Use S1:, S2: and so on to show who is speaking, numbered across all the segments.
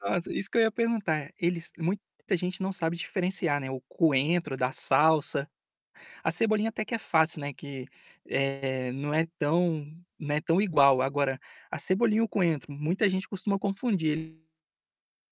S1: Nossa, isso que eu ia perguntar, eles muita gente não sabe diferenciar, né, o coentro da salsa. A cebolinha até que é fácil, né, que, eh, não é tão não é tão igual. Agora, a cebolinha e o coentro muita gente costuma confundir ele.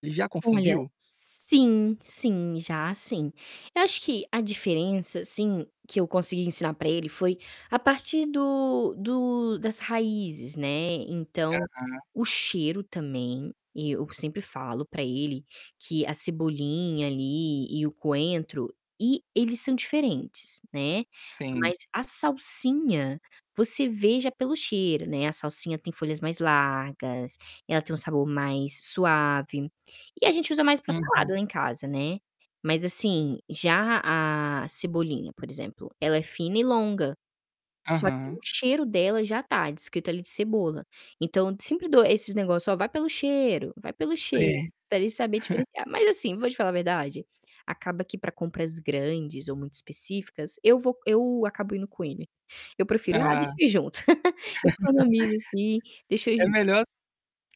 S1: Já
S2: Olha,
S1: confundiu?
S2: sim, sim, já, sim. Eu acho que a diferença, assim, que eu consegui ensinar pra ele foi a partir do do das raízes, né. Então,
S1: Aham.
S2: o cheiro também, eu sempre falo pra ele que a cebolinha ali, e o coentro e eles são diferentes, né.
S1: Sim.
S2: Mas a salsinha, você vê já pelo cheiro, né. A salsinha tem folhas mais largas, ela tem um sabor mais suave e a gente usa mais pra salada
S1: Aham.
S2: lá em casa, né. Mas, assim, já a cebolinha, por exemplo, ela é fina e longa, só que
S1: Aham.
S2: o cheiro dela já tá descrito ali cebola. Então eu sempre dou esses negócio: "Ó, vai pelo cheiro, vai pelo cheiro",
S1: Sei.
S2: para ele saber diferenciar. Mas, assim, vou te falar a verdade, acaba que pra compras grandes ou muito específicas, eu vou eu acabo indo com ele. Eu prefiro: "Ah,
S1: Ah.
S2: deixa eu ir junto." Economizo, assim: "Deixa eu ir
S1: É
S2: junto".
S1: melhor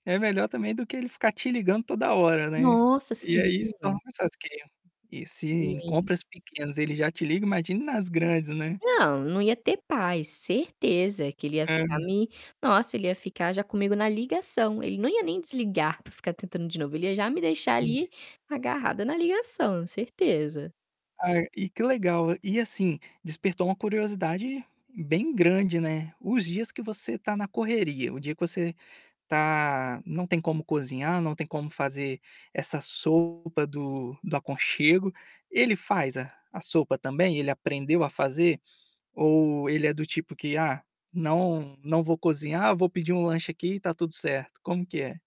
S1: é melhor também do que ele ficar te ligando toda hora, né.
S2: Nossa!
S1: E
S2: Sim.
S1: aí, se torna mais fácil que ele a e se em
S2: Sim.
S1: compras pequenas ele já te liga, imagine nas grandes, né?
S2: Não, não ia ter paz, certeza. Que ele ia
S1: Hã.
S2: ficar me nossa, ele ia ficar já comigo na ligação. Ele não ia nem desligar para ficar tentando de novo, ele ia já me deixar
S1: Hum.
S2: ali, agarrada na ligação, certeza.
S1: Ai, e que legal. E assim, despertou uma curiosidade bem grande, né, os dias que você tá na correria, o dia que você tá não tem como cozinhar, não tem como fazer essa sopa do do aconchego. Ele faz a a sopa também? Ele aprendeu a fazer? Ou ele é do tipo que: "Ah, não, não vou cozinhar, vou pedir um lanche aqui e tá tudo certo." Como que é?